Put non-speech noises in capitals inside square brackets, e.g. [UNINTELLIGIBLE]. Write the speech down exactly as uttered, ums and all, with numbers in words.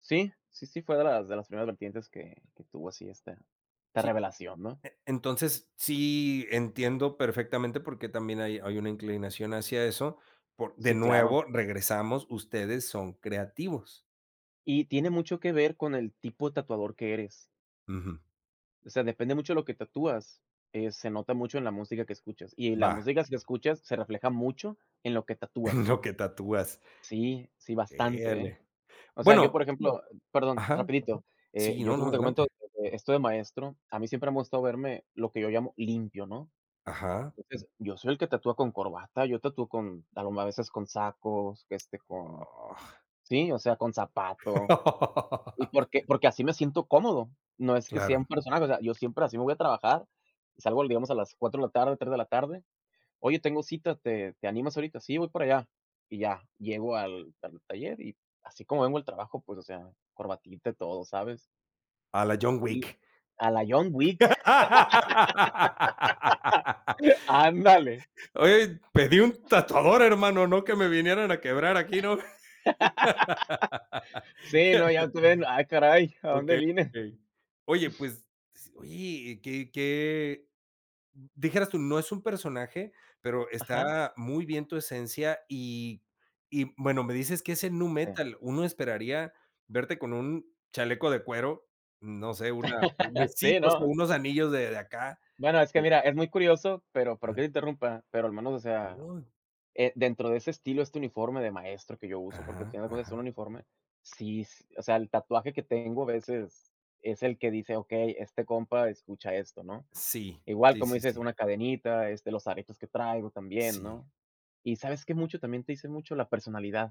Sí, sí, sí, fue de las de las primeras vertientes que que tuvo así esta esta Sí, revelación, ¿no? e entonces, sí, entiendo perfectamente, porque también hay hay una inclinación hacia eso, por de Sí, claro. nuevo, regresamos, ustedes son creativos. Y, tiene mucho que ver con el tipo de tatuador que eres Ujú. o sea, depende mucho lo que tatúas, eh, se nota mucho en la música que escuchas y la Va. músicas que escuchas se refleja mucho, en lo que tatúas. [CHUCKLES] Lo que tatúas. Sí, sí, Eh, ah, bastante, ¿eh? le O sea, yo, por bueno ejemplo perdón, ajá. rapidito, eh, Sí, yo, no, no, como te comento, adelante. [UNINTELLIGIBLE] esto de maestro, a mí siempre me ha gustado verme, lo que yo llamo "Limpio", ¿no? Ajá. Entonces, yo soy el que tatúa con corbata, yo tatúo con, alguna veces, con sacos, este, con, Gua sí, o sea, con zapato. Y [LAUGHS] porque porque así me siento cómodo, no es que sea Claro. un personaje, o sea, yo siempre así me voy a trabajar, salgo l digamos a las cuatro de la tarde, tres de la tarde: "Oye, tengo cita, ¿te te animas ahorita?". "Sí, voy para allá". Y ya, llego al al taller y, así como vengo del trabajo, pues, o sea, corbatita y todo, ¿sabes? A la John Y Wick. a la John Wick. [LAUGHS] [LAUGHS] Ándale. Oye, pedí un tatuador, hermano, no que me vinieran a quebrar aquí, ¿no? [LAUGHS] Sí, no, ya [LAUGHS] te ven: "Ah caray, ¿a dónde Okey, vine?". okey. Oye, pues, s oye, qué qué d dijeras tú, no es un personaje, pero Ajá. está muy bien tu esencia y y, bueno, me dices que es en nu Sí. metal, uno esperaría verte con un chaleco de cuero, no sé, una una [LAUGHS] sí, Sí, pues, con ¿no? unos anillos de de acá, Bueno, es que, de mira, es muy curioso, pero perdón Ajá. que te interrumpa, pero al menos, o sea, Oh. eh, dentro de ese estilo, este uniforme de maestro que yo uso, porque al Ajá, final de cuentas es un ajá. uniforme, sí, s o sea, el tatuaje que tengo, a veces es el que dice: "Okey, este compa escucha esto, ¿no?". Sí, Igual, sí, como sí, dices, sí. una cadenita, este, los aretes que traigo también, Sí. ¿no? ¿Y sabes qué? Mucho también te dice mucho la personalidad.